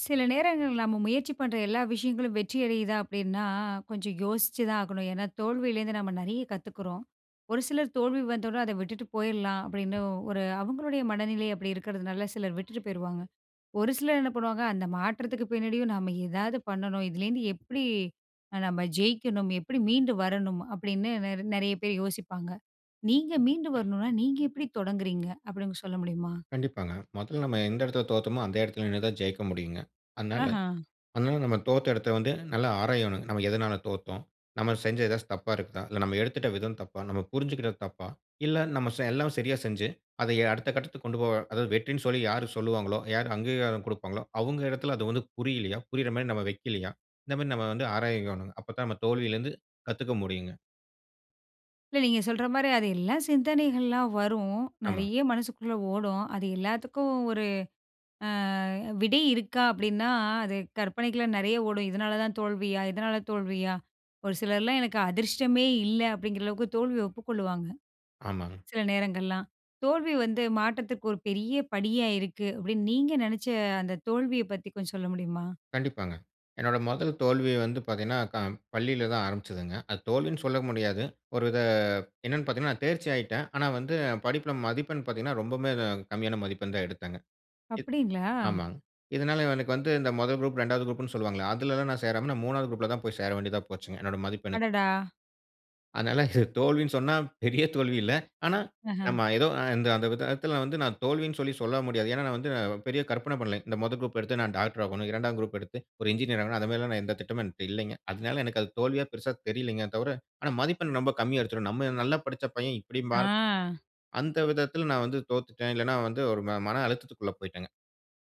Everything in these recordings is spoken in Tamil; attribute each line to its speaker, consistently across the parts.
Speaker 1: சில நேரங்கள் நம்ம முயற்சி பண்ற எல்லா விஷயங்களும் வெற்றியடையுதா அப்டின்னா கொஞ்சம் யோசிச்சு தான் ஆகணும். ஏனா தோல்வியிலருந்து நம்ம நிறைய கத்துக்குறோம். ஒரு சிலர் தோல்வி வந்தோடன அத விட்டுட்டு போயிட்லாம் அப்டின்னு ஒரு அவங்களுடைய மனநிலை அப்படி இருக்கிறதுனால, சிலர் விட்டுட்டு போயிருவாங்க. ஒரு சிலர் என்ன பண்ணுவாங்க. அந்த மாற்றத்துக்கு பின்னாடியும் நம்ம ஏதாவது பண்ணணும். இதுலேருந்து எப்டி அ நம்ம ஜெயிக்கணும். எப்படி மீண்டு வரணும் அப்டின்னு நெர் நெறைய பேர் யோசிப்பாங்க. நீங்க மீண்டு வரணுனா, நீங்க எப்டி தொடங்குறீங்க, அப்டின்னு சொல்ல முடியுமா?
Speaker 2: கண்டிப்பாங்க. முதல்ல நம்ம எந்த இடத்துல தோத்தோமோ அந்த இடத்துல நின்னு தான் ஜெயிக்க முடியுங்க. அதனால
Speaker 1: ஆஹ்ம்!
Speaker 2: அதனால நம்ம தோத்த இடத்த வந்து நல்லா ஆராயணும். நம்ம எதனால தோத்தோம்? நம்ம செஞ்ச ஏதாச்சு தப்பா இருக்குதா? இல்ல நம்ம எடுத்துட்ட விதம் தப்பா? நம்ம புரிஞ்சுகிட்டது தப்பா? இல்ல நம்ம செ எல்லாமே சரியா செஞ்சு அத அடுத்த கட்டத்துக்கு கொண்டு போக அதாவது வெற்றினு சொல்லி யாரு சொல்வாங்களோ, யார் அங்கீகாரம் கொடுப்பாங்களோ அவங்க இடத்துல அது வந்து புரியலியா? புரியிற மாரி நம்ம வைக்கலியா? இந்த மாரி நம்ம வந்து ஆராயவேனும். அப்ப தான் நம்ம தோல்வியில இருந்து கத்துக்க முடியுங்க.
Speaker 1: இல்ல. நீங்க சொல்ற மாரி அது எல்லாம் சிந்தனைகள்ல்லாம் வரும்.
Speaker 2: ஆமாங்க.
Speaker 1: நிறைய மனசுக்குள்ள ஓடும். அது எல்லாத்துக்கும் ஒரு அ விடை இருக்கா, அப்டின்னா அது கற்பனைக்குலா நிறைய ஓடும். இதனால தான் தோல்வியா? இதனால தோல்வியா? ஒரு சிலர் எல்லா எனக்கு அதிர்ஷ்டமே இல்ல அப்டிங்கிற அளவுக்கு தோல்விய ஒப்புக்கொள்வாங்க.
Speaker 2: ஆமாங்க.
Speaker 1: சில நேரங்கள்லாம் தோல்வி வந்து மாற்றத்துக்கு ஒரு பெரிய படியா இருக்கு அப்டின்னு நீங்க நெனச்ச அந்த தோல்வியப் பத்தி கொஞ்சம் சொல்ல முடியுமா?
Speaker 2: கண்டிப்பாங்க. என்னோட முதல் தோல்வி வந்து பார்த்தீங்கன்னா, க பள்ளியில தான் ஆரம்பிச்சுதுங்க. அது தோல்வின்னு சொல்ல முடியாது. ஒரு வித என்னன்னு பார்த்தீங்கன்னா நான் தேர்ச்சி ஆயிட்டன். ஆனா, வந்து படிப்புல மதிப்பெண் பார்த்தீங்கன்னா ரொம்பவே அ கம்மியான மதிப்பெண் தான் எடுத்தாங்க. இத்
Speaker 1: அப்படிங்களா?
Speaker 2: ஆமாங்க. இதனால எனக்கு வந்து இந்த முதல் குரூப், 2வது குரூப்ன்னு சொல்லுவாங்களே, அதலெல்லா நான் சேராம நான் 3வது குரூப்ல தான் போய் சேர வேண்டியதா போச்சுங்க என்னோட மதிப்பெண்ணுக்கு.
Speaker 1: அடடா!
Speaker 2: அதனால இத தோல்வின்னு சொன்னா பெரிய தோல்வி இல்ல. ஆனா,
Speaker 1: அஹ்ம்.
Speaker 2: நம்ம ஏதோ அ அந்த அந்த விதத்தில வந்து நான் தோல்வின்னு சொல்லி சொல்ல முடியாது. ஏன்னா, நான் வந்து பெரிய கற்பனை பண்ணல. இந்த முதல் குரூப் எடுத்து நான் டாக்டரா ஆகணும். 2 ஆம் குரூப் எடுத்து ஒரு இன்ஜினியர் ஆகணும். அத மாரில்லாம் நான் எந்த திட்டமும் என்ட்ட இல்லைங்க. அதனால எனக்கு அது தோல்வியா பெருசா தெரியலைங்க. அது தவர ஆனா மதிப்பெண் ரொம்ப கம்மியா எடுத்துருவேன் நம்ம நல்லா படிச்ச பையன் இப்படி மார்க்
Speaker 1: ஆ.
Speaker 2: அந்த விதத்தில நான் வந்து தோத்துட்டேன். இல்லன்னா வந்து ஒரு ம மன அழுத்தத்துக்குள்ள போயிட்டேங்க.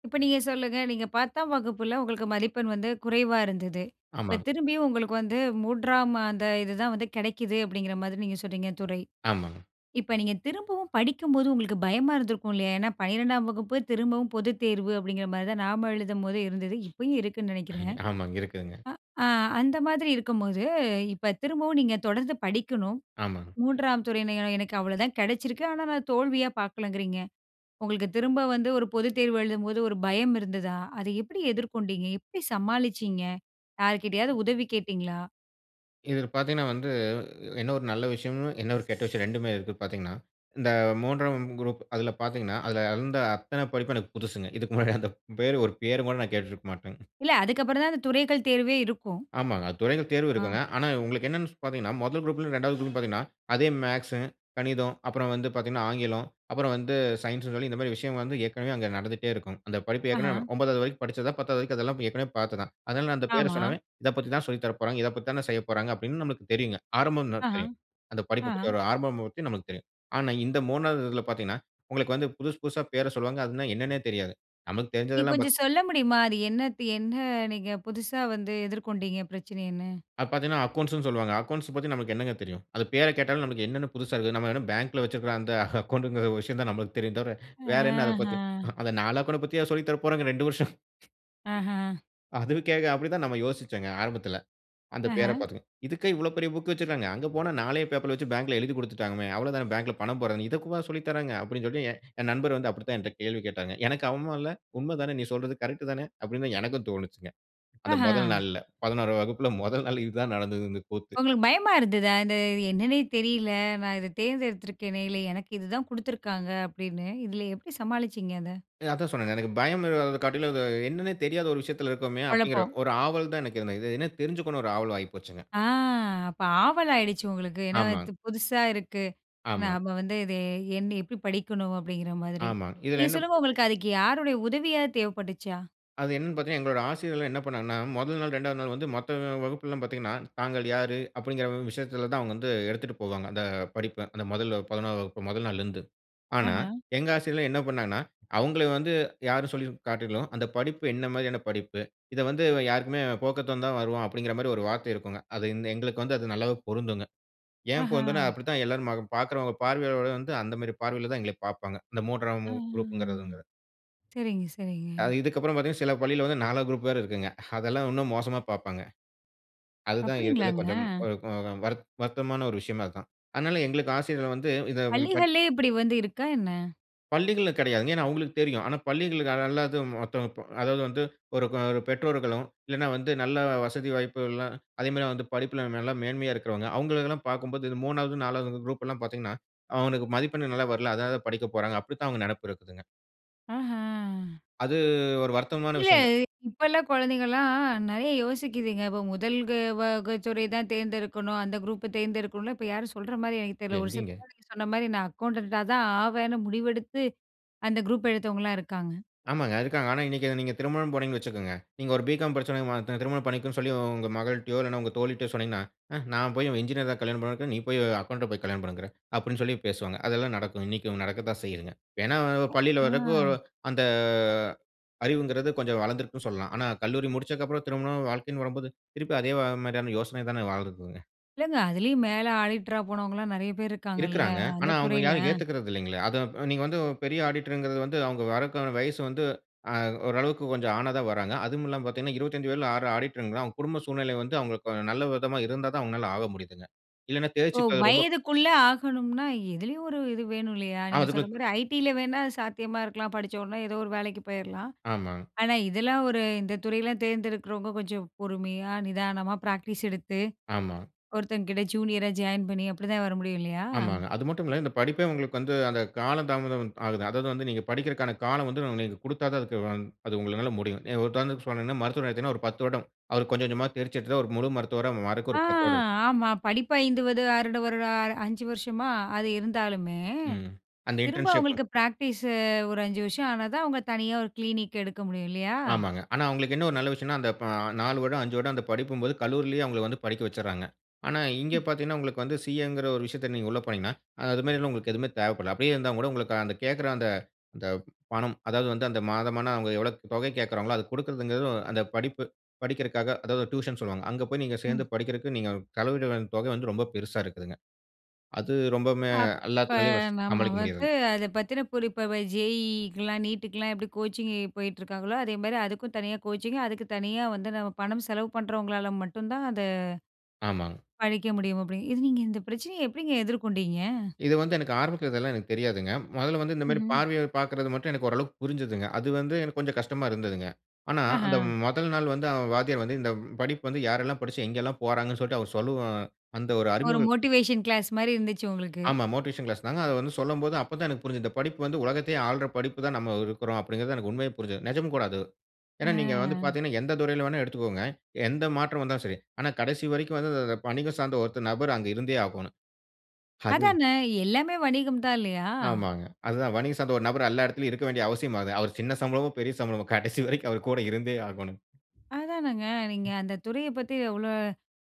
Speaker 1: இப்ப நீங்க சொல்லுங்க. நீங்க 10ம் வகுப்பில உங்களுக்கு மதிப்பெண் வந்து குறைவா இருந்தது. இப்ப
Speaker 2: ஆமாங்க.
Speaker 1: திரும்பியும் உங்களுக்கு வந்து 3ம் அந்த இதுதான் வந்து கிடைக்குது அப்பpடிங்கிறமாரி நீங்க சொல்றீங்க துறை.
Speaker 2: ஆமாங்க.
Speaker 1: இப்ப நீங்க திரும்பவும் படிக்கும்போது உங்களுக்கு பயமா இருந்திருக்கும் இல்லயா! ஏன்னா, 12ம் வகுப்பு திரும்பவும் பொதுத் தேர்வு அப்பிடிங்கிறமாரிதான் நாம எழுதும்போது இருந்தது. இப்பயும் இருக்குன்னு நினைக்கிறேன்.
Speaker 2: ஆமாங்க. இருக்குதுங்க.
Speaker 1: அ அந்த மாதிரி இருக்கும்போது, இப்ப திரும்பவும் நீங்க தொடர்ந்து படிக்கணும்,
Speaker 2: ஆமாங்க.
Speaker 1: 3ம் துறையின எனக்கு அவ்ளதான் கிடைச்சிருக்கு. ஆனா, நான் தோல்வியா பார்க்கலங்குறீங்க. உங்களுக்கு திரும்ப வந்து ஒரு பொதுத் தேர்வு எழுதும்போது ஒரு பயம் இருந்ததா? அதை எப்பிடி எதிர்கொண்டீங்க? எப்பிடி சமாளிச்சீங்க? யார்க்கிட்டயாவது உதவி கேட்டீங்களா?
Speaker 2: இதில பார்த்தீங்கன்னா வந்து என்ன ஒரு நல்ல விஷயம்? என்ன ஒரு கெட்ட விஷயம்? 2 மே இருக்கு பார்த்தீங்கன்னா, இந்த 3 ஆம் குரூப் அதில பார்த்தீங்கன்னா, அதுல இருந்த அத்தன படிப்பும் எனக்கு புதுசுங்க. இதுக்கு முன்னாடி அந்த பேரு, ஒரு பேருகூட நான் கேட்டிருக்க மாட்டேங்க.
Speaker 1: இல்ல. அதுக்கு அப்பறந்தான் அந்த துறைகள் தேர்வே இருக்கும்.
Speaker 2: ஆமாங்க. அது துறைகள் தேர்வும்
Speaker 1: ஆ.
Speaker 2: இருக்குங்க. ஆனா, உங்களுக்கு என்னன்னு பார்த்தீங்கன்னா, முதல் குரூப்லயும் 2 வது குரூப்லயும் பார்த்தீங்கன்னா, அதே மேக்ஸு, கணிதம் அப்புறம் வந்து பார்த்தீங்கன்னா, ஆங்கிலம், அப்புறம் வந்து சயின்ஸ்ன்னு சொல்லி இந்தமாரி விஷயம் வந்து ஏற்கனவே அங்க நடந்துட்டே இருக்கும். அந்த படிப்பு ஏற்கனவே
Speaker 1: அஹ்ம்.
Speaker 2: 9 வது வரைக்கும் படிச்சத, 10 வது வரைக்கும் அதெல்லாம் ஏற்கனவே பார்த்தது தான். அதனால நான் அந்த பேர
Speaker 1: ஆமா.
Speaker 2: சொன்னாவே, "இத பத்தி தான் சொல்லி தர போறாங்க. இதப் பத்தி தானே செய்யப்போறாங்க." அப்பிடின்னு நம்மளுக்கு தெரியுங்க. ஆரம்பம் [unintelligible]
Speaker 1: ஆஹாம்!
Speaker 2: தெரியும். அந்த படிப்பை பத்தி,
Speaker 1: ஆஹாம்.
Speaker 2: ஒரு ஆரம்பம் பத்தி நமக்கு தெரியும். ஆனா, இந்த 3 வது இதுல பார்த்தீங்கன்னா, உங்களுக்கு வந்து புதுசு புதுசா பேர சொல்லுவாங்க. அதுன்னா என்னன்னே தெரியாது. நமக்கு
Speaker 1: நீங்க
Speaker 2: தெரிஞ்சதெல்லாம்
Speaker 1: கொஞ்சம்
Speaker 2: பாத்
Speaker 1: சொல்ல முடியுமா? அது என்னத்து என்ன நீங்க புதுசா வந்து எதிர்கொண்டீங்க? பிரச்சனைன்னு.
Speaker 2: அது பார்த்தீங்கன்னா, அக்கவுண்ட்ஸுன்னு சொல்லுவாங்க. அக்கவுண்ட்ஸ் பத்தி நமக்கு என்னங்க தெரியும். அது பேர கேட்டாலே நமக்கு என்னன்னு புதுசா இருக்குது. நம்ம என்ன பேங்க்ல வச்சிருக்கிற அந்த அக்கவுண்ட்டுங்கிற ஒரு விஷயம் தான் நம்மளுக்கு தெரியும் தவிர, வேற என்ன அத பத்தி
Speaker 1: அஹ்ம்.
Speaker 2: அ அத நால்லாங்கூட அத பத்தியா சொல்லி தர போறாங்க 2 வருஷம்.
Speaker 1: அஹ்ம்.
Speaker 2: அதுவுக்கே அப்படி தான் நம்ம யோசிச்சோங்க ஆரம்பத்தில. அந்த பெயர
Speaker 1: அஹ்ம்.
Speaker 2: பார்த்துங்க. "இதுக்கே இவ்வளவு பெரிய புக் வச்சிருக்காங்க. அங்க போனா 4லே பேப்பர்ல வச்சு பேங்க்ல எழுதிக் குடுத்துட்டாங்களாமே. அவ்வளதான பேங்க்ல பணம் போட்றதுன்னு. இதக்கூடவா சொல்லித் தராங்க." அப்பிடின்னு சொல்லிட்டு என் என் நண்பர் வந்து அப்படித்தான் என்ட்ட கேள்வி கேட்டாங்க. எனக்கு அவமும் இல்ல. "உண்மை தானே நீ சொல்றது. கரெக்ட்டு தானே!" அப்படின்னுதான் எனக்கும் தோணுச்சுங்க. அந்த முதல்
Speaker 1: அஹ்ம்.
Speaker 2: நாள்ல 11 ஆம் வகுப்பில முதல் நாள் இது தான் நடந்தது. இந்த கூத்து.
Speaker 1: உங்களுக்கு பயமா இருந்ததா? "இத என்னன்னே தெரியல. நான் இத தேர்ந்தெடுத்துருக்கேனே! இல்ல, எனக்கு இதுதான் குடுத்துருக்காங்க." அப்படின்னு. இதுல எப்படி சமாளிச்சீங்க அத?
Speaker 2: அ அதத்தான் சொன்னேனே. எனக்கு பயம் அ காட்டிலும் "அது என்னன்னே தெரியாத ஒரு விஷயத்தில இருக்கோமே!" அப்பிடிங்கிற
Speaker 1: குழப்பம்.
Speaker 2: ஒரு ஆவல் தான் எனக்கு இருந்தது. இது என்ன தெரிஞ்சிக்கணும் ஒரு ஆவல் ஆயிப்போச்சுங்க.
Speaker 1: ஆ! அப்ப ஆவலாயிடுச்சு உங்களுக்கு. ஏன்னா,
Speaker 2: ஆமாங்க.
Speaker 1: "இது புதுசா இருக்கு.
Speaker 2: ஆமா.
Speaker 1: நாம வந்து இது என்ன எப்படி படிக்கணும்?" அப்படிங்கிற மாதிரி.
Speaker 2: ஆமா. இதில
Speaker 1: நீங்க
Speaker 2: என்ன
Speaker 1: சொல்லுங்க உங்களுக்கு அதுக்கு யாருடைய உதவியாவது தேவைப்பட்டுச்சா?
Speaker 2: அது என்னன்னு பார்த்தீங்கன்னா, எங்களோட ஆசிரியர்கள்லாம் என்ன பண்ணாங்கன்னா, முதல் நாள், 2வது நாள் வந்து மத்த வகுப்புலாம் பாத்தீங்கன்னா, தாங்கள் யாரு? அப்பிடிங்கிற விஷயத்தில தான் அவுங்க வந்து எடுத்துட்டு போவாங்க அந்த படிப்ப. அந்த முதல் 11 ஆம் வகுப்ப முதல் நாள்லருந்து. ஆனா,
Speaker 1: அஹ்ம்.
Speaker 2: எங்க ஆசிரியர்கள் என்ன பண்ணாங்கன்னா, அவுங்களை வந்து யார்ன்னு சொல்லி காட்டிலும் "அந்த படிப்பு என்ன மாரியான படிப்பு? இத வந்து யாருக்குமே போக்கத்தவந்தான் வருவான்." அப்பிடிங்கிற மாரி ஒரு வார்த்தை இருக்குங்க. அது இந்த எங்களுக்கு வந்து அது நல்லாவே பொருந்துங்க. ஏன் பொருந்துன்னா,
Speaker 1: அஹ!
Speaker 2: அப்படித்தான் எல்லாரும் அ பார்க்கிறவங்க பார்வையோட வந்து அந்த மாரி பார்வையில தான் எங்கள பார்ப்பாங்க. இந்த 3 ஆம்
Speaker 1: ஆ!
Speaker 2: குரூப்ங்கிறதுங்க
Speaker 1: சரிங்க, சரிங்க.
Speaker 2: அ இதுக்கு அப்பறம் பார்த்தீங்கன்னா, சில பள்ளியில வந்து 4 வது குரூப் வேற இருக்குங்க. அதெல்லாம் இன்னும் மோசமா பார்ப்பாங்க. அதுதான் இருக்குறதுலே
Speaker 1: அப்படிங்களாங்க!
Speaker 2: கொஞ்சம் [unintelligible] வருத் வருத்தமான ஒரு விஷயமே அதான். அதனால எங்களுக்கு ஆசிரியர்கள் வந்து இத [unintelligible]
Speaker 1: பள்ளிகள்லே இப்படி வந்து இருக்கா! என்ன?
Speaker 2: பள்ளிகள்ல கிடையாதுங்க. ஏன்னா அவங்களுக்கு தெரியும். ஆனா பள்ளிகளுக்கு அல்லது மத்தவங்க ப அதாவது வந்து ஒரு ஒரு பெற்றோர்களும் இல்ல வந்து நல்ல வசதி வாய்ப்புகள்லாம் அதே மாரி வந்து படிப்பில நல்ல மேன்மையா இருக்கிறவங்க, அவங்களை எல்லாம் பார்க்கும்போது, இது 3வது 4வது குரூப் எல்லாம் பார்த்தீங்கன்னா அவங்களுக்கு மதிப்பெண் நல்லா வரல. அதனால படிக்கப் போறாங்க அப்படின்னு தான் அவங்க நினப்பு இருக்குங்க.
Speaker 1: ஆஹ.
Speaker 2: அது ஒரு வருத்தமான
Speaker 1: இல்ல
Speaker 2: விஷயம் தான்.
Speaker 1: இப்ப உள்ள குழந்தைங்கலாம் நெறைய யோசிக்கிதுங்க, இப்போ முதல் வக துறை தான் தேர்ந்தெடுக்கணும் அந்த குரூப்பை தேர்ந்தெடுக்கணும்ல இப்போ யாரும் சொல்ற மாதிரி எனக்கு தெரியல. ஒரு சில
Speaker 2: எங்கீங்க?
Speaker 1: பேர் நீங்க சொன்ன மாதிரி நான் அக்கவுண்டன்ட்டா தான் ஆவேன்னு முடிவெடுத்து அந்த குரூப் எடுத்தவங்கலாம் இருக்காங்க.
Speaker 2: ஆமாங்க ,இருக்காங்க. ஆனா இன்னைக்கு நீங்க திருமணம் போனீங்கன்னு வச்சுக்கோங்க. நீங்க ஒரு பிகாம் படிச்சவன திருமணம் பண்ணிக்கோன்னு சொல்லி உங்க மகள்ட்டையோ, இல்ல உங்க தோழி கிட்டயோ சொன்னீங்கன்னா, "ஆ நான் போய் என்ஜினியர் தான் கல்யாணம் பண்ணுவேன்ங்கற. நீ போய் அக்கவுண்ட்ட போய் கல்யாணம் பண்ணுங்கற?" அப்படின்னு சொல்லி பேசுவாங்க. அதெல்லாம் நடக்கும், இன்னைக்கு நடக்க தான் செய்யுதுங்க. ஏன்னா பள்ளியில வர்றதுக்கு
Speaker 1: அ.
Speaker 2: அந்த அறிவுங்கறது கொஞ்சம் வளர்ந்திருக்குனு சொல்லலாம். ஆனா கல்லூரி முடிச்சதுக்கு அப்புறம் திருமணம், வாழ்க்கைன்னு வரம்போது, திருப்பி அதே மாரியான யோசனை தானே வாழுதுங்க.
Speaker 1: இல்லங்க, அதுலயும் மேலே ஆடிட்டரா போனவங்கலாம் நெறைய பேர் இருக்காங்கல்ல!
Speaker 2: இருக்கிறாங்க.
Speaker 1: அந்த
Speaker 2: ஆனா அவங்க
Speaker 1: துறையில.
Speaker 2: யாரும் ஏத்துக்கறது இல்லீங்களே. அதை நீங்க வந்து பெரிய ஆடிட்டர்ங்கறது வந்து வறதுக்கான வயசு வந்து அ ஓரளவுக்கு கொஞ்சம் ஆனா தான் வர்றாங்க. அதுவும் இல்லாமல பார்த்தீங்கன்னா, 25 வயதில ஆ ஆடிட்டர்ங்கிறான். அவங்க குடும்ப சூழ்நிலை வந்து, அவங்களுக்கு நல்ல விதமா இருந்தா தான் அவங்களால ஆக முடியுதுங்க. இல்லன்னா
Speaker 1: ஓ!
Speaker 2: தேர்ச்சி பெற ரொம்ப
Speaker 1: வயதுக்குள்ள ஆகணும்னா எதிலயும் ஒரு இது வேணும் இல்லையா?
Speaker 2: அ
Speaker 1: நீங்க சொல்ற
Speaker 2: அதுக்குள்ள
Speaker 1: மாரி ஐடியில வேணா அது சாத்தியமா இருக்கலாம். படிச்ச உடனே ஏதோ ஒரு வேலைக்கு போயிரலாம்.
Speaker 2: ஆமாங்.
Speaker 1: ஆனா இதெல்லாம் ஒரு இந்த துறையில தேர்ந்தெடுக்குறவங்க கொஞ்சம் பொறுமையா நிதானமா ப்ராக்டிஸ் எடுத்து
Speaker 2: ஆமா.
Speaker 1: ஒருத்தங்ககிட்ட ஜூனியரா ஜாயின் பண்ணி அப்படி தான் வர முடியும் இல்லையா?
Speaker 2: ஆமாங்க. அது மட்டுமில்ல இந்த படிப்பே உங்களுக்கு வந்து அந்த கால தாமதம் ஆகுது. அதாவது வந்து நீங்க படிக்கறதுக்கான காலம் வந்து நீங்க குடுத்தா தான் அது உங்களால முடியும். உதாரணதுக்கு சொன்னேனா மருத்துவர்னு எடுத்தீங்கன்னா ஒரு 10 வருடம். அவர் கொஞ்சம் கொஞ்சமா தேர்ச்சி எடுத்து ஒரு முழு மருத்துவரா மாறக்கு
Speaker 1: ஆ,
Speaker 2: ஒரு 10 வருடம் எடுத்துக்கும்.
Speaker 1: ஆமா படிப்பு 5 ப ஆ ஒரு 5 வருஷமா அது இருந்தாலுமே,
Speaker 2: ம் அந்த
Speaker 1: திரும்ப
Speaker 2: இன்டர்ன்ஷிப்.
Speaker 1: அவங்களுக்கு பிராக்டிஸ், ஒரு அஞ்சு வருஷம் ஆனா தான் அவங்க தனியா ஒரு கிளினிக் எடுக்க முடியும் இல்லையா?
Speaker 2: ஆமாங்க. ஆனா அவங்களுக்கு என்ன ஒரு நல்ல விஷயம்னா, அந்த 4 வருடம், 5 வருடம் அந்த படிப்பும்போது கல்லூரியிலயே அவங்களை வந்து படிக்க வச்சறாங்க. ஆனா இங்க
Speaker 1: ம்.
Speaker 2: பார்த்தீங்கன்னா, உங்களுக்கு வந்து சிஏ ங்கிற ஒரு விஷயத்த நீங்க உள்ள போனீங்கன்னா, அது மாரி உங்களுக்கு எதுவுமே தேவப்படல. அப்படியே இருந்தாலும் கூட உங்களுக்கு அந்த கேட்கற அந்த அந்த பணம் அதாவது வந்து அந்த மாதமான அவங்க எவ்வளவு தொகை கேட்கறாங்களோ, அது குடுக்கிறதுங்கிறது, அந்த படிப்பு படிக்கிறக்காக அதாவது டியூஷன் சொல்லுவாங்க, அங்கே போய் நீங்க சேர்ந்து
Speaker 1: ம்.
Speaker 2: படிக்கிறதுக்கு நீங்க செலவிடுற தொகை வந்து ரொம்ப பெருசா இருக்குதுங்க. அது ரொம்பமே
Speaker 1: அப்ப,
Speaker 2: எல்லாத்தினாலேயும்
Speaker 1: நம்ம
Speaker 2: சமாளிக்க
Speaker 1: வந்து
Speaker 2: முடியாதுங்க.
Speaker 1: அதை பத்தின புரி இப்ப ஜேஇஇக்கலாம், நீட்டுக்குலாம் எப்படி கோச்சிங் போயிட்டுருக்காங்களோ அதேமாதிரி அதுக்கும் தனியா கோச்சிங் அதுக்கு தனியா வந்து நம்ம பணம் செலவு பண்ணுறவங்களால மட்டும் தான் அத
Speaker 2: ஆமாங்.
Speaker 1: படிக்க முடியும் அப்படிங்க இது நீங்க இந்த பிரச்சனயை எப்படிங்க எதிர்கொண்டீங்க?
Speaker 2: இது வந்து எனக்கு ஆரம்பத்துல இதெல்லாம் எனக்கு தெரியாதுங்க. முதல்ல வந்து இந்த மாரி
Speaker 1: ம்ஹ்ம்.
Speaker 2: பார்வையை பார்க்கறது மட்டும் எனக்கு ஓரளவிற்கு புரிஞ்சதுங்க. அது வந்து எனக்கு கொஞ்சம் கஷ்டமா இருந்ததுங்க. ஆனா
Speaker 1: ஆஹ.
Speaker 2: அந்த முதல் நாள் வந்து அந்த வாத்தியார் வந்து இந்த படிப்பு வந்து யாரெல்லாம் படிச்சு எங்க எல்லாம் போறாங்கள்ன்னு சொல்லிட்டு அவர் சொல்லவும், அந்த ஒரு
Speaker 1: ஒரு
Speaker 2: அறிமுகம்
Speaker 1: மோட்டிவேஷன் கிளாஸ் மாதிரி இருந்துச்சு உங்களுக்கு.
Speaker 2: ஆமா மோட்டிவேஷன் கிளாஸ் தாங்க. அத வந்து சொல்லும்போது அப்போ தான் எனக்கு புரிஞ்ச்சது. இந்த படிப்பு வந்து உலகத்தையே ஆள்ற படிப்பு தான் நம்ம இருக்கிறோம் அப்படிங்கறது எனக்கு உண்மையே புரிஞ்சது. நிஜம் கூட அது. ஏன்னா நீங்க வந்து
Speaker 1: அ.
Speaker 2: பார்த்தீங்கன்னா, எந்த துறையில வேண்னாலும் எடுத்துக்கோங்க. எந்த மாற்றம் வந்தாலும் சரி. ஆனா கடைசி வரைக்கும் வந்து வணிகம் சார்ந்த ஒரு நபர் அங்கு இருந்தே ஆகணும். அது
Speaker 1: அதான எல்லாமே வணிகம் தான் இல்லையா.
Speaker 2: ஆமாங்க. அதுதான் வணிக சார்ந்த ஒரு நபர் எல்லா இடத்திலும் இருக்க வேண்டிய அவசியமாகுது. அவர் சின்ன சம்பளமோ, பெரிய சம்பளமோ கடைசி வரைக்கும் அவர் கூட இருந்தே ஆகோணும்.
Speaker 1: அதானங்க நீங்க அந்த துறைய பத்தி அவ்ளோ,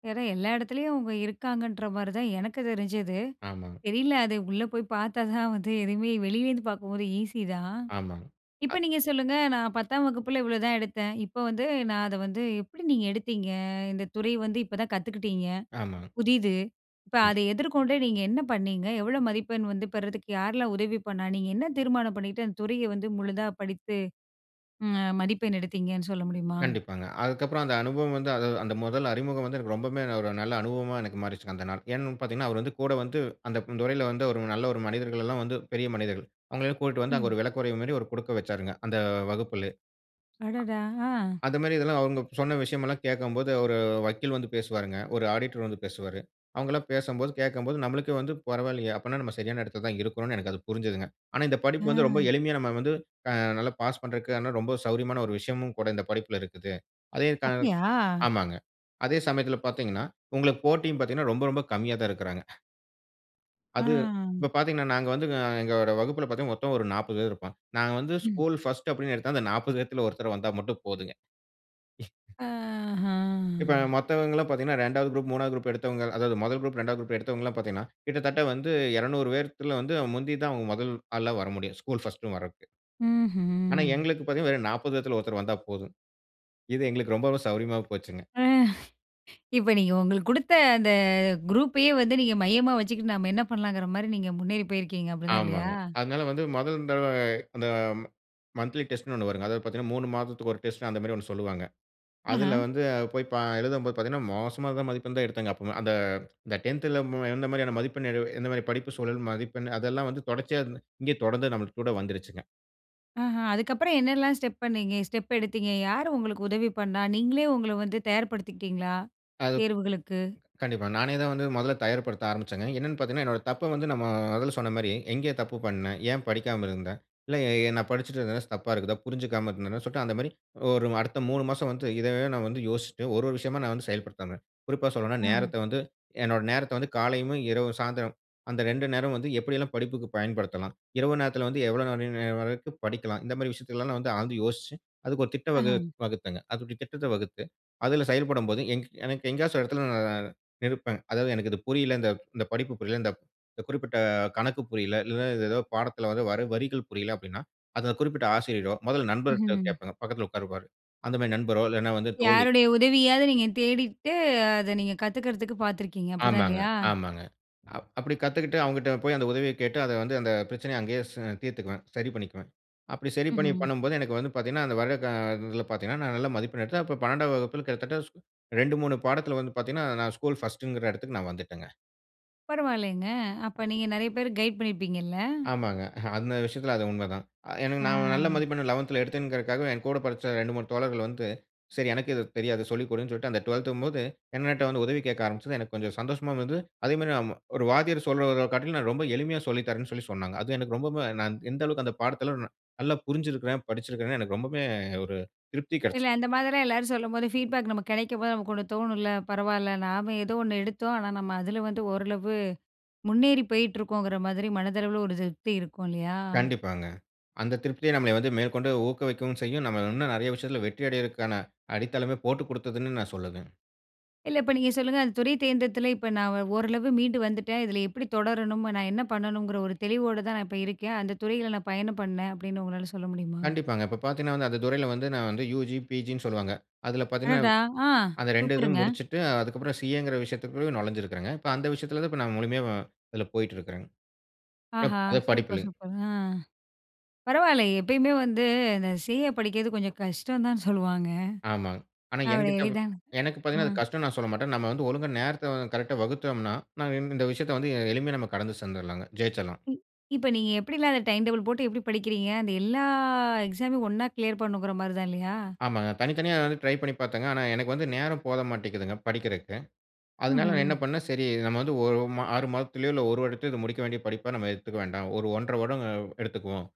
Speaker 1: ஏன்னா எல்லா இடத்துலயும் அவங்க இருக்காங்கன்ற மாதிரி தான் எனக்கு தெரிஞ்சது.
Speaker 2: ஆமாங்க
Speaker 1: தெரியல அது உள்ளே போய் பார்த்தா தான் வந்து எதுவுமே வெளியிலேருந்து பார்க்கும்போது ஈஸி தான்.
Speaker 2: ஆமாங,
Speaker 1: இப்ப
Speaker 2: அ.
Speaker 1: நீங்க சொல்லுங்க நான் 10 வகுப்பில் இவ்ளோதான் எடுத்தேன். இப்போ வந்து நான் அதை வந்து எப்படி நீங்க எடுத்தீங்க? இந்த துறை வந்து இப்போ தான் கத்துக்கிட்டங்க,
Speaker 2: ஆமாஙf.
Speaker 1: புதுசு இப்போ
Speaker 2: ம்.
Speaker 1: அதை எதிர்கொண்டு நீங்க என்ன பண்ணீங்க? எவ்ளோ மதிப்பெண் வந்து பெறுறதுக்கு யாரலாம் உதவி பண்ணா? நீங்க என்ன தீர்மானம் பண்ணிக்கிட்டு அந்த துறையை வந்து முழுதா படித்து அ மதிப்பெண் எடுத்தீங்கன்னு சொல்ல முடியுமா?
Speaker 2: கண்டிப்பாங்க. அதுக்கப்புறம் அந்த அனுபவம் வந்து அந்த முதல் அறிமுகம் வந்து எனக்கு ரொம்பமே ஒரு நல்ல அனுபவமா எனக்கு மாறிச்சுங்க அந்த நாள். ஏன்னு பார்த்தீங்கன்னா அவர் வந்து கூட வந்து அந்த துறையில வந்து ஒரு நல்ல ஒரு மனிதர்கள்ல்லாம் வந்து பெரிய மனிதர்கள். அவங்களை எல்லாம் கூட்டிட்டு வந்து அங்கே
Speaker 1: ம்.
Speaker 2: ஒரு விளக்குறைவு மாதிரி ஒரு கொடுக்க வச்சாருங்க அந்த வகுப்பிலே.
Speaker 1: அடடா! அ.
Speaker 2: அந்த மாதிரி இதெல்லாம் அவங்க சொன்ன விஷயம் எல்லாம் கேட்கும்போது ஒரு வக்கீல் வந்து பேசுவாருங்க. ஒரு ஆடிட்டர் வந்து பேசுவாரு. அவங்க எல்லாம் பேசும்போது, கேட்கும்போது, நம்மளுக்கே வந்து பரவாயில்லையே! அப்படின்னா, நம்ம சரியான இடத்தில தான் இருக்கறோம்ன்னு எனக்கு அது புரிஞ்சதுங்க. ஆனா இந்த படிப்பு வந்து ரொம்ப
Speaker 1: அ.
Speaker 2: எளிமையா நம்ம வந்து அ நல்லா பாஸ் பண்ணறதுக்கு ரொம்ப சௌரியமான ஒரு விஷயமும் கூட இந்த படிப்பில இருக்குது. அதே [unintelligible]
Speaker 1: அப்படியா?
Speaker 2: ஆமாங்க. அதே சமயத்தில பார்த்தீங்கன்னா, உங்களுக்கு போட்டியும் பார்த்தீங்கன்னா ரொம்ப ரொம்ப கம்மியா தான் இருக்கறாங்க. அது
Speaker 1: அ.
Speaker 2: இப்போ பாத்தீங்கன்னா, நாங்க வந்து அ எங்களோட வகுப்புல பாத்தீங்கன்னா, மொத்தம் ஒரு 40 பேர் இருப்பாங்க. நாங்க வந்து
Speaker 1: ம்.
Speaker 2: ஸ்கூல் 1 அப்படின்னு எடுத்தா, அந்த 40 பேர்ல ஒருத்தர் வந்தா மட்டும் போதுங்க.
Speaker 1: அஹா.
Speaker 2: இப்ப மத்தவங்கல்லாம் பாத்தீங்கன்னா, 2வது குரூப், 3வது குரூப் எடுத்தவங்க அதாவது 1 குரூப், 2வது குரூப் எடுத்தவங்க எல்லாம் பாத்தீங்கன்னா, கிட்டத்தட்ட வந்து 200 பேத்துல, வந்து முந்தி தான் அவங்க முதல் ஆளா வர முடியும். ஸ்கூல் 1 வரதுக்கு. ஆனா,
Speaker 1: ம்ஹ்ம்.
Speaker 2: எங்களுக்கு பாத்தீங்கன்னா, வெறும் 40 பேர்ல ஒருத்தர் வந்தா போதும். இது எங்களுக்கு ரொம்ப சௌரியமா போச்சுங்க.
Speaker 1: இப்போ நீங்க உங்களுக்கு குடுத்த அந்த குரூப்பையே வந்து நீங்க மையமா வச்சுக்கிட்டு நம்ப என்ன பண்ணலாங்குற மாரி நீங்க முன்னேறி போயிருக்கீங்க. அப்படிதான் இல்லயா?
Speaker 2: ஆமாங்க. அதுனால, வந்து முதல் தடவ இந்த மந்த்லி டெஸ்ட்னு ஒண்ணு வருங்க. அதாவது பாத்தீங்கன்னா, 3 மாதத்துக்கு ஒரு டெஸ்ட் அந்த மாரி ஒண்ணு சொல்லுவாங்க. அதுல
Speaker 1: ஆஹ.
Speaker 2: வந்து போய் ப எழுதும்போது பாத்தீங்கன்னா, மோசமான மதிப்பெண் தான் எடுத்தங்க. அப்ப அந்த இந்த 10ல மு எந்த மாதிரியான மதிப்பெண், [unintelligible] எந்த மாதிரியான படிப்பு சூழல் மதிப்பெண். அதுல்லாம் வந்து தொடர்ச்சியா இருந்து இங்க தொடர்ந்து நம்ப கூட வந்துடுச்சுங்க.
Speaker 1: ஆஹ. அதுக்குப்புறம் என்னெல்லாம் ஸ்டெப் பண்ணீங்க ஸ்டெப் எடுத்தீங்க, யார் உங்களுக்கு உதவி பண்ணா, நீங்களே உங்கள வந்து தயார்படுத்துக்கிட்டீங்களா?
Speaker 2: அது
Speaker 1: தேர்வுகளுக்கு.
Speaker 2: கண்டிப்பா. நானே தான் வந்து முதல தயார் படுத்த ஆரம்பிச்சேங்க. என்னன்னு பாத்தீங்கன்னா, என்னுடைய தப்ப வந்து நம்மோ முதல்ல சொன்ன மாரி எங்கே தப்பு பண்னேன்? ஏன் படிக்காம இருந்தேன்? இல்ல ஏ நான் படிச்சிட்டுருந்தது ச தப்பா இருக்குதா? புரிஞ்சிக்காம இருந்தேனா? சொல்லிட்டு, அந்த மாதிரி ஒரு அடுத்த 3 மாசம் வந்து இதையே நான் வந்து யோசிட்டு ஒரு ஒரு விஷயமா நான் வந்து செயல்படுத்துறேன். குறிப்பா சொல்லணும்னா,
Speaker 1: ம்.
Speaker 2: நேரத்த வந்து என்னுடைய நேரத்த வந்து காலையிவும், இரவு, சாயந்திரம் அந்த 2 நேரமும் வந்து எப்படியெல்லாம் படிப்புக்கு பயன்படுத்தலாம்? இரவு நேரத்துல வந்து எவ்வளோ நேரம் [unintelligible] வரைக்கும் படிக்கலாம்? இந்த மாதிரி விஷயத்த எல்லாம் வந்து ஆழ்ந்து யோசிச்சி அதற்கு ஒரு திட்டம்
Speaker 1: ஆஹ.
Speaker 2: வகு வகுத்தேங்க. அதோட திட்டத்த வகுத்து அதுல செயல்படும் போது, எனக்கு எ எங்கேயாச்சு ஒரு இடத்துல நான் நிற்பேன். அதாவது எனக்கு இது புரியல்ல, இந்த இந்த படிப்பு புரியல்ல, இந்த குறிப்பிட்ட கணக்கு புரியல்ல. இல்லன்னா, இது ஏதோ பாடத்துல வர வர வரிகள் புரியல்ல, அப்படீன்னா அதுல குறிப்பிட்ட ஆசிரியரோ, முதல நண்பர்கிட்ட
Speaker 1: ம்ஹ்ம்.
Speaker 2: கேப்பேன் பக்கத்துல உட்காந்துருப்பாரு. அந்த மாரி நண்பரோ, இல்லன்னா வந்து தோழி.
Speaker 1: யாருடைய உதவியாவது நீங்க தேடிட்டு, அத நீங்க கத்துக்குறதுக்கு பாத்துருக்கீங்க? அப்படிதான்
Speaker 2: ஆமாங்க,
Speaker 1: இல்லயா?
Speaker 2: ஆமாங்க. அப்படி கத்துக்கிட்டு அவங்க கிட்ட போய் அத உதவியக் கேட்டு அத வந்து, அத பிரச்சனைய அங்கேயே ச தீர்த்துக்குவேன். சரி பண்ணிக்குவேன். அப்படி சரி பண்ணி
Speaker 1: ம்ஹ்ம்.
Speaker 2: பண்ணும்போது, எனக்கு வந்து பாத்தீங்கன்னா, அந்த வருட க இதுல பாத்தீங்கன்னா, நான் நல்ல மதிப்பெண் எடுத்தேன். அப்போ 12ம் வகுப்புல கிட்டத்தட்ட 2, 3 பாடத்துல வந்து பாத்தீங்கன்னா, நான் ஸ்கூல் 1ங்கற இடத்துக்கு நான் வந்துட்டேங்க.
Speaker 1: பரவாயில்லைங்க. அப்ப நீங்க நெறைய பேர் கைடு பண்ணிருப்பீங்கல்ல?
Speaker 2: ஆமாங்க. அந்த விஷயத்துல அது உண்மதான். அ எனக்கு நான் நல்ல
Speaker 1: ஆ.
Speaker 2: மதிப்பெண் 11த்துல எடுத்தேங்கிறதற்காகவே, எங்கூட படிச்ச 2, 3 தோழர்கள் வந்து. சரி எனக்கு இது தெரியாது சொல்லிக்கொடுன்னு சொல்ட்டு அந்த 12த் ங்கும்போது, என்னட்ட வந்து உதவி கேக்க ஆரம்பிச்சது எனக்கு கொஞ்சம் சந்தோஷமாவும் இருந்தது. அதே மாதிரி ம ஒரு வாத்தியார் சொல்றத காட்டிலும் நான் ரொம்ப எளிமையா சொல்லித்தரேன்னு சொல்லி சொன்னாங்க. அது எனக்கு ரொம்பவும் நான் எந்த அளவுக்கு அந்த பாடத்துல ந நல்லா புரிஞ்சுருக்கிறேன், படிச்சுருக்கிறேன்னு எனக்கு ரொம்பவுமே ஒரு திருப்தி கிடைச்சது.
Speaker 1: இல்ல, அந்த மாதிரிலாம் எல்லாரும் சொல்லும்போது ஃபீட்பேக் நமக்கு கிடைக்கும் போது நமக்கு ஒண்ணு தோணும்ல. பரவால்ல, நாம எதோ ஒண்ணு எடுத்தோம். ஆனா நம்ம அதுல வந்து ஓரளவு முன்னேறி போயிட்டுருக்கோங்கிற மாதிரி மனதளவுல ஒரு திருப்தி இருக்கும் இல்லையா?
Speaker 2: கண்டிப்பாங்க. அந்த திருப்திய நம்ம வந்து மேற்கொண்டு ஊக்குவிக்கவும் செய்யும். நம்மள இன்னும் நெறைய விஷயத்துல வெற்றி அடையற்கான அடித்தளமே போட்டுக் குடுத்ததுன்னு நான் சொல்லுவேன்.
Speaker 1: இல்ல. இப்ப நீங்க சொல்லுங்க. அந்த துறை தேர்ந்தெடுத்துல இப்ப நான் ஒ ஓரளவு மீண்டு வந்துட்டேன். இதுல எப்படி தொடரணும்? நான் என்ன பண்ணணுங்கிற ஒரு தெளிவோடதான் நான் இப்ப இருக்கேன், அந்த துறையில நான் பயணம் பண்ணேன் அப்படின்னு உங்களால சொல்ல முடியுமா?
Speaker 2: கண்டிப்பாங்க. இப்ப பார்த்தீங்கன்னா வந்து அந்த துறையுல வந்து நான் வந்து யுஜி, பிஜின்னு சொல்வாங்க. அதுல பார்த்தீங்கன்னா,
Speaker 1: அடாடா. அ.
Speaker 2: அந்த 2 இதும்
Speaker 1: சூப்பருங்க!
Speaker 2: முடிச்சுட்டு அதுக்கு அப்புறம் சிஏ ங்கிற விஷயத்துகுள்ள நொழைஞ்சுருக்கிறங்க. இப்ப அந்த விஷயத்துல தான் நான் முழுமையா அதுல போய்ட்டுருக்கிறேங்க. ப்
Speaker 1: ஆஹா!
Speaker 2: அது படிப்பு
Speaker 1: சூப்பர்,
Speaker 2: இல்லங்க.
Speaker 1: சூப்பர். அ. பரவால்ல! எப்பயுமே வந்து இந்த சிஏ படிக்கிறது கொஞ்சம் கஷ்டம் தான் சொல்லுவாங்க.
Speaker 2: ஆமாங்க. ஆனா
Speaker 1: அவ்ளோ
Speaker 2: எனகிட்ட
Speaker 1: எளிதானது
Speaker 2: எனக்கு பார்த்தீங்கன்னா, அது
Speaker 1: அ.
Speaker 2: கஷ்டம்ன்னு நான் சொல்லமாட்டேன். நம்ம வந்து ஒழுங்கா நேரத்த அ கரெக்ட்டா வகுத்தோம்ன்னா, நான் இந்த விஷயத்த வந்து எளிமையா நம்ம கடந்து சேர்ந்துடலாம்ங்க, ஜெயிச்சுருலாம்.
Speaker 1: இப்ப நீங்க எப்படிலாம் அந்த டைம் டேபிள் போட்டு எப்படி படிக்கிறீங்க? அந்த எல்லா எக்ஸாமயும் ஒண்ணா கிளியர் பண்ணுங்கிற மாரி தான் இல்லையா?
Speaker 2: ஆமாங்க. தனித்தனியா வந்து ட்ரை பண்ணி பார்த்தேங்க. ஆனா எனக்கு வந்து நேரம் போத மாட்டேங்கிது படிக்கறக்கு. அதனால நான்
Speaker 1: ம்ஹ்ம்.
Speaker 2: என்ன பண்னேன்? சரி, நாம வந்து ஒரு ம 6 மாதத்திலயோ இல்ல 1 வருடத்திலயோ இத முடிக்க வேண்டிய படிப்பா நம்ம எடுத்துக்க வேண்டாம். ஒரு 1 1/2 வருடம் எடுத்துக்குவோம்.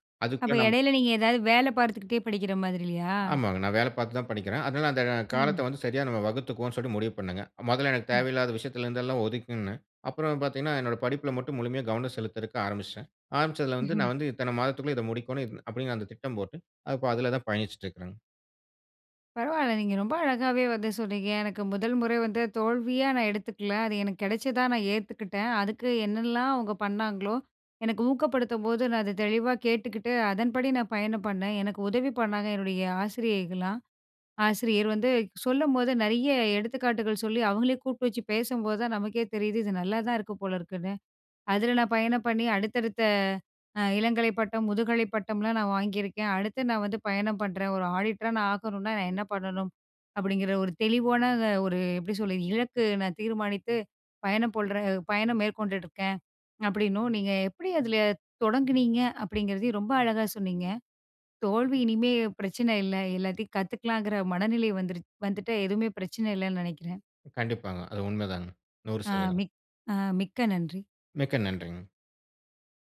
Speaker 1: அப்ப
Speaker 2: அதுக்குள்ள நம்ம
Speaker 1: இடையில் நீங்க ஏதாவது வேல பார்த்துக்கிட்டே படிக்கிற மாதிரி இல்லையா?
Speaker 2: ஆமாங்க. நான் வேல பார்த்து தான் படிக்கிறேன். அதனால அந்த
Speaker 1: ம்.
Speaker 2: காலத்த வந்து சரியா நாம வகுத்துக்குவோம்ன்னு சொல்ட்டு முடிவு பண்ணுங்க. முதல்ல எனக்கு
Speaker 1: ம்.
Speaker 2: தேவையில்லாத விஷயத்துல இருந்து எல்லாம் ஒதுக்குனே அப்புறம் பார்த்தீங்கன்னா என்னோட படிப்பில மட்டும் முழுமையா கவனம் செலுத்தறக்கு ஆரம்பிச்சுட்டேன். ஆரம்பிச்சத்துல வந்து நான் வந்து இத்தன மாதத்துக்குள்ள இத முடிக்கணும் இத் அப்படின்னு அந்த திட்டம் போட்டு, இப்ப அதுல தான் பயணிச்சுட்டுருக்கிறேங்க.
Speaker 1: பரவால்ல, நீங்க ரொம்ப அழகாவே வந்து சொன்னீங்க! எனக்கு முதல் முறை வந்து தோல்வியா நான் எடுத்துக்கல. அது எனக்கு கிடைச்சதா நான் ஏத்துக்கிட்டேன். அதுக்கு என்னலாம் அவங்க பண்ணாங்களோ, எனக்கு ஊக்கப்படுத்தும்போது நான் அத தெளிவா கேட்டுகிட்டு, அதன்படி நான் பயணம் பண்ணேன். எனக்கு உதவி பண்ணாங்க, என்னுடைய ஆசிரியைகள்லாம். ஆசிரியர் வந்து சொல்லும்போது நெறைய எடுத்துக்காட்டுகள் சொல்லி அவங்களே கூப்பிட்டு வச்சு பேசும்போது தான் நமக்கே தெரியுது, "இது நல்லா தான் இருக்கு போல இருக்குன்னு." அதுல நான் பயணம் பண்ணி அடுத்தடுத்த அ இளங்கலை பட்டம், முதுகலை பட்டம்லாம் நான் வாங்கியிருக்கேன். அடுத்து நான் வந்து பயணம் பண்றேன். ஒரு ஆடிட்டரா நான் ஆகணுனா நான் என்ன பண்ணணும்? அப்படிங்கிற ஒரு தெளிவான ஒரு எப்படி சொல்றது? இலக்கு நான் தீர்மானித்து பயணம் போல்ற பயணம் மேற்கொண்டுட்டு இருக்கேன் அப்படின்னும், நீங்க எப்படி அதுல தொடங்கினீங்க? அப்படிங்கிறதையும் ரொம்ப அழகா சொன்னீங்க. "தோல்வி" இனிமே பிரச்சன இல்ல. எல்லாத்தையும் கத்துக்கலாங்குற மனநிலை வந்துருச் வந்துட்டு எதுவுமே பிரச்சன இல்லைன்னு நெனைக்கிறேன்.
Speaker 2: கண்டிப்பாங்க. அது உண்ம தாங்க. 100
Speaker 1: அ
Speaker 2: சதவீதம்!
Speaker 1: மிக் அ மிக்க நன்றி.
Speaker 2: மிக்க நன்றிங்க.